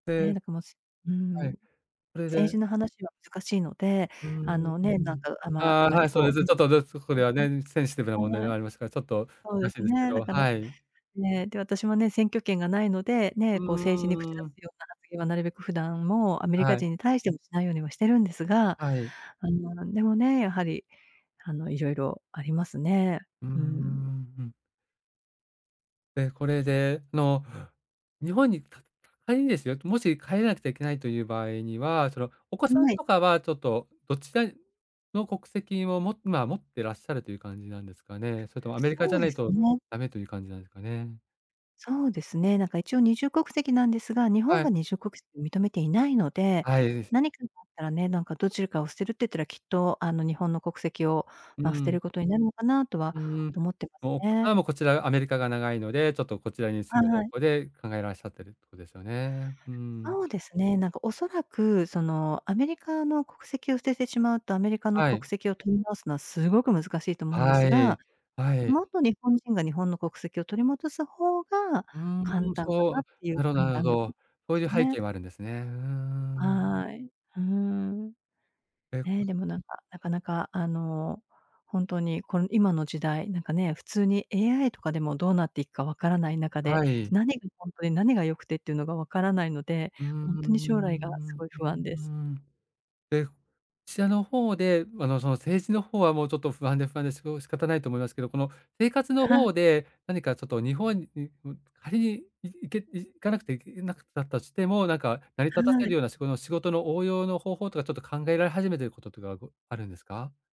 でね、だからもしうはい、ん、それ政治での話は難しいので、うーあのね、なんん。か、ああまああ、まはり、い、そうでこう、す。ちょっと、でそこでは [unintelligible] ね、センシティブな問題ではい。はありますから、ちょっとそう難でしいすですけね。だど、から、はい。ね、で、私もね、選挙権が無いので、うね、こう政治に口出ーん。すような発言はなるべく普段も、アメリカはい。人に対してもしないようにはしてるんですが、はい。あの、なんでもね、やはり、あの、色々ありますね。うーん、うん。うん。で、これでの、日本に、かか仮にですよ、もし帰らなくちゃいけないという場合には、その、お子さんはい。とかは、ちょっと、どっちでの国籍をもまあ、持ってらっしゃるという感じなんですかね。それともアメリカそじゃうなでいすとね。ダメという感じなんですかね。そうですね。なんか一応二重国籍なんですが、日は本い。が二重国籍を認めていないので、はい。何かがあったらね、なんかどちらかを捨てるって言ったら、きっと、あの、日本の国籍を、うまあ、捨ーてん。ることになるのかな、とうはーん。思ってますもう、お子ね。さんはこちらが、アメリカが長いので、ちょっとこちらに住むは方い。向で考えらっしゃってるとこですよね。うーん。そうですね。なんか、恐らく、その、アメリカの国籍を捨ててしまうと、アメリカのはい。国籍を取り直すのはすごく難しいと思うんではすい。が、はい。元日本人が日本の国籍を取り戻す方がう簡ーん、単かそう。なっていうなるほど判なるほ断力ど。でそうすいう背ね。景もあるんですね。うーん。はい。うーん。え、こね、でもなんか、なかなか、あの、ほんとにこの、今の時代、なんかね、普通に AI とかでもどうなっていくか分からない中で、はい。何がほんとで何が良くてっていうのが分からないので、うーほんとに将来がすん、ううごい不安でうす。ん。え、ちらの方で、あの、その、政治の方はもうちょっと不安で不安でしこ仕方ないと思いますけど、この、生活のは方で、何かちょっと日本、うう仮にい行け、行かなくていけなかったとしても、なんか成りは立たせるい。ようなしごの仕事の応用の方法とかちょっと考えられ始めていることとかごあるんですか？